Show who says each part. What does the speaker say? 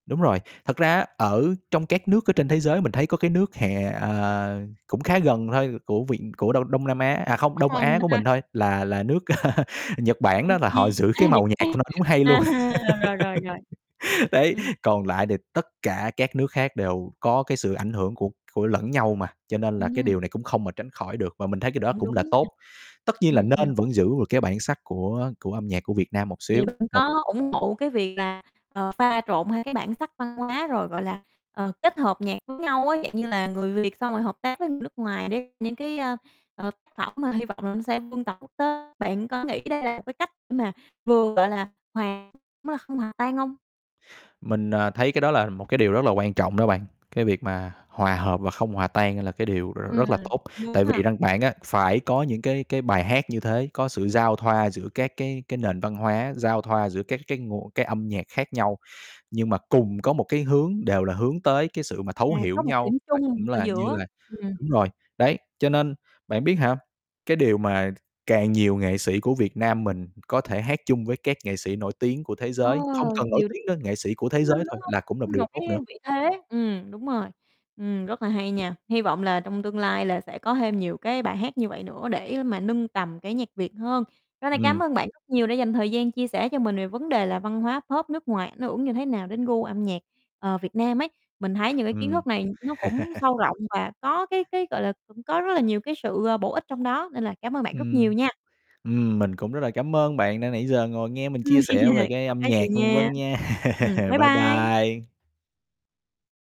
Speaker 1: Đúng rồi, thật ra á, ở trong các nước ở trên thế giới mình thấy có cái nước hè à, cũng khá gần thôi của viện của Đông Đông Nam Á à không, Đông Á của mình
Speaker 2: [unintelligible]
Speaker 1: thôi, là là nước Nhật Bản đó, là họ
Speaker 2: [unintelligible]
Speaker 1: giữ cái
Speaker 2: A, Nhật
Speaker 1: màu nhạc
Speaker 2: Bản
Speaker 1: của nó đúng hay luôn.
Speaker 2: hả? À, rồi, rồi, rồi, rồi.
Speaker 1: Đấy,
Speaker 2: Ừm.
Speaker 1: còn lại thì tất cả các nước khác đều có cái sự ảnh hưởng của của lẫn nhau mà, cho nên là cái
Speaker 2: Ừm.
Speaker 1: điều này cũng không, ờ, tránh khỏi được, và mình thấy cái đó
Speaker 2: Cũng
Speaker 1: cũng là
Speaker 2: đúng,
Speaker 1: tốt. Tất nhiên
Speaker 2: ơ.
Speaker 1: là
Speaker 2: Ừm, ừm.
Speaker 1: nên vẫn giữ được cái bản sắc của của âm nhạc của Việt Nam một
Speaker 2: Vậy
Speaker 1: xíu,
Speaker 2: bạn
Speaker 1: một
Speaker 2: có ủng hộ cái việc là, ờ, pha trộn hai cái bản sắc văn hóa rồi, gọi là, ờ, kết hợp nhạc với nhau á, dạng như là người Việt xong rồi hợp tác với người nước ngoài để những cái, a, ờ, tác phẩm mà hy vọng mà nó sẽ vươn tầm quốc tế. Bạn có nghĩ đây là một cái cách để mà vừa, gọi là, hòa không hòa tan hông?
Speaker 1: Mình, ờ, thấy cái đó là một cái điều rất là quan trọng đó bạn. Cái việc mà hòa hợp và không hòa tan đây là cái điều r rất
Speaker 2: Ừm,
Speaker 1: là tốt,
Speaker 2: đúng
Speaker 1: tại
Speaker 2: ha.
Speaker 1: vì rằng bạn á, phải có những cái cái bài hát như thế, có sự giao thoa giữa các cái cái nền văn hóa, giao thoa giữa các cái nguồn cái âm nhạc khác nhau nhưng mà cùng có một cái hướng đều là hướng tới cái sự mà
Speaker 2: À,
Speaker 1: thấu
Speaker 2: có
Speaker 1: hiểu
Speaker 2: một cái
Speaker 1: nhau
Speaker 2: điểm
Speaker 1: và
Speaker 2: chung
Speaker 1: cũng
Speaker 2: ở
Speaker 1: là như
Speaker 2: giữa,
Speaker 1: là
Speaker 2: ừm.
Speaker 1: đúng rồi, đấy, cho nên bạn biết hả, cái điều mà càng nhiều nghệ sĩ của Việt Nam mình có thể hát chung với các nghệ sĩ nổi tiếng của thế
Speaker 2: Ờ,
Speaker 1: giới không cần nổi
Speaker 2: điều đ
Speaker 1: tiếng nữa, nghệ sĩ của thế
Speaker 2: chứng minh,
Speaker 1: giới thôi
Speaker 2: đúng hông?
Speaker 1: là cũng là một
Speaker 2: Ưm,
Speaker 1: điều
Speaker 2: một
Speaker 1: tốt
Speaker 2: cái
Speaker 1: nữa.
Speaker 2: vị thế. Ừm, đúng rồi, ừm, rất là hay nha. Hy vọng là trong tương lai là sẽ có thêm nhiều cái bài hát như vậy nữa để mà nâng tầm cái nhạc Việt hơn. Tối nay cám
Speaker 1: Ừm.
Speaker 2: ơn bạn rất nhiều đã dành thời gian chia sẻ cho mình về vấn đề là văn hóa Pop nước ngoài ảnh hưởng như thế nào đến gu âm nhạc, ờ, Việt Nam ấy. Mình thấy những cái kiến
Speaker 1: Ừm.
Speaker 2: thức này nó cũng sâu rộng và có cái cái, gọi là, cũng có rất là nhiều cái sự, ờ, bổ ích trong đó nên là cảm ơn bạn rất nhiều
Speaker 1: Ừm,
Speaker 2: nha.
Speaker 1: ừm, mình cũng rất là cảm ơn bạn đã nãy giờ ngồi nghe mình chia sẻ về cái
Speaker 2: Hông
Speaker 1: âm
Speaker 2: có
Speaker 1: nhạc
Speaker 2: gì
Speaker 1: vân
Speaker 2: nha.
Speaker 1: vân nha.
Speaker 2: Ừm, bye
Speaker 1: Bye
Speaker 2: bye!
Speaker 1: bye.